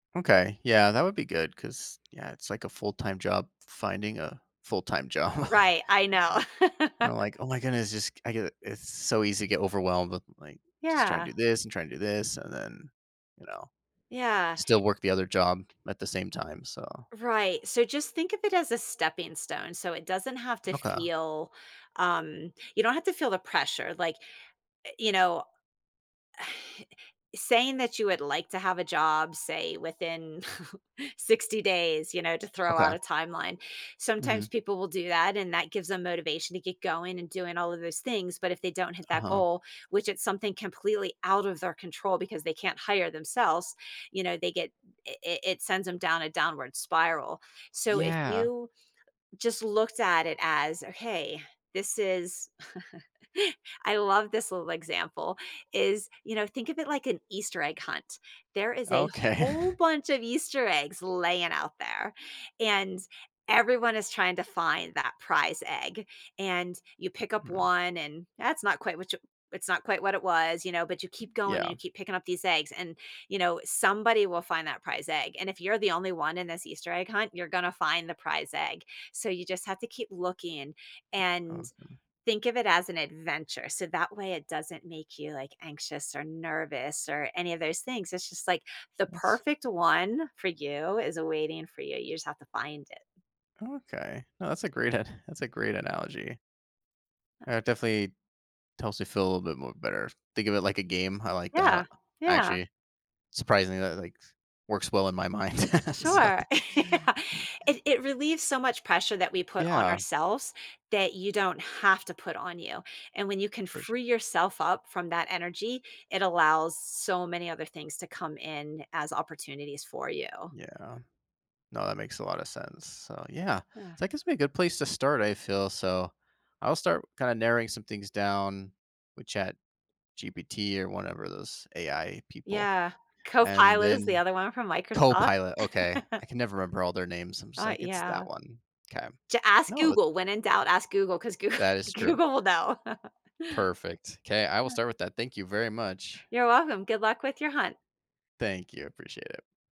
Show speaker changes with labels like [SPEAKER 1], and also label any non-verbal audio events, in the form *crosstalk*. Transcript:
[SPEAKER 1] Okay. Yeah, that would be good 'cause, yeah, it's like a full time job finding a full time job.
[SPEAKER 2] Right. I know. *laughs*
[SPEAKER 1] I'm like, "Oh my goodness." Just I get it's so easy to get overwhelmed with, like, just trying
[SPEAKER 2] Yeah.
[SPEAKER 1] to do this and trying to do this and then, you know,
[SPEAKER 2] Yeah.
[SPEAKER 1] still work the other job
[SPEAKER 2] *inhales*
[SPEAKER 1] at the same time. So
[SPEAKER 2] Right. So just think of it as a stepping stone so it doesn't have to
[SPEAKER 1] Okay.
[SPEAKER 2] feel, um you don't have to feel the pressure. Like, eh, you know *sighs* saying that you would like to have a job, say, within *chuckles* 60 days, you know, to throw out
[SPEAKER 1] Okay.
[SPEAKER 2] a timeline. Sometimes
[SPEAKER 1] Mhm.
[SPEAKER 2] people will do that, and that gives them motivation to get going and doing all of those things, but if they don't hit that
[SPEAKER 1] Uh-huh.
[SPEAKER 2] goal, which is something completely out of their control because they can't hire themselves, you know, they get it it it sends 'em down a downward spiral. So if
[SPEAKER 1] Yeah.
[SPEAKER 2] you just looked at it as a, "Hey, this is" *laughs* I love this little example; is, you know, think of it like an Easter egg hunt. There is a
[SPEAKER 1] Okay.
[SPEAKER 2] whole bunch of Easter eggs laying out there, and everyone is trying to find that prize egg, and you pick up
[SPEAKER 1] Mhm.
[SPEAKER 2] 1, and that's not quite what you it's not quite what it was, you know, but you keep going and
[SPEAKER 1] Yeah.
[SPEAKER 2] you keep picking up these eggs and, you know, somebody will find that prize egg and if you're the only one in this Easter egg hunt, you're gonna find the prize egg. So you just have to keep looking
[SPEAKER 1] Yeah,
[SPEAKER 2] and
[SPEAKER 1] awesome.
[SPEAKER 2] think of it as an adventure. So that way it doesn't make you like anxious or nervous or any of those things. It's just like the
[SPEAKER 1] That's
[SPEAKER 2] perfect one for you is awaiting for you. You just have to find it.
[SPEAKER 1] Okay. No. That's a great an That's a great analogy. Uh, it
[SPEAKER 2] Ah
[SPEAKER 1] definitely helps me feel a little bit more better. Think of it like a game. I like
[SPEAKER 2] Yeah.
[SPEAKER 1] that.
[SPEAKER 2] Yeah.
[SPEAKER 1] Actually, surprisingly, that, like, s works well in my mind. *laughs* So
[SPEAKER 2] Sure. Yeah,
[SPEAKER 1] *laughs*
[SPEAKER 2] it it relieves so much pressure that we put on
[SPEAKER 1] Yeah.
[SPEAKER 2] ourselves that you don't have to put on you and when you can
[SPEAKER 1] For sure.
[SPEAKER 2] free yourself up from that energy, it allows so many other things to come in as opportunities for you.
[SPEAKER 1] Yeah. No, that makes a lotta sense, so, yeah,
[SPEAKER 2] Yeah.
[SPEAKER 1] that gives me a good place to start, I feel so, I'll start kinda narrowing some things down with ChatGPT or whatever, those AI people
[SPEAKER 2] Yeah.
[SPEAKER 1] and
[SPEAKER 2] Copilot is the
[SPEAKER 1] then
[SPEAKER 2] other one from Microsoft.
[SPEAKER 1] Copilot, okay.
[SPEAKER 2] *laughs*
[SPEAKER 1] I can never remember all their names, I'm just
[SPEAKER 2] Uh,
[SPEAKER 1] like, "It's that
[SPEAKER 2] yeah.
[SPEAKER 1] one." 'Kay.
[SPEAKER 2] J ask
[SPEAKER 1] No that
[SPEAKER 2] Google, when in doubt, ask Google 'cause Google
[SPEAKER 1] That is true.
[SPEAKER 2] Google will know. *laughs*
[SPEAKER 1] Perfect. 'kay. I will
[SPEAKER 2] Uh
[SPEAKER 1] start with that. Thank you very much.
[SPEAKER 2] You're welcome. Good luck with your hunt.
[SPEAKER 1] Thank you. I appreciate it.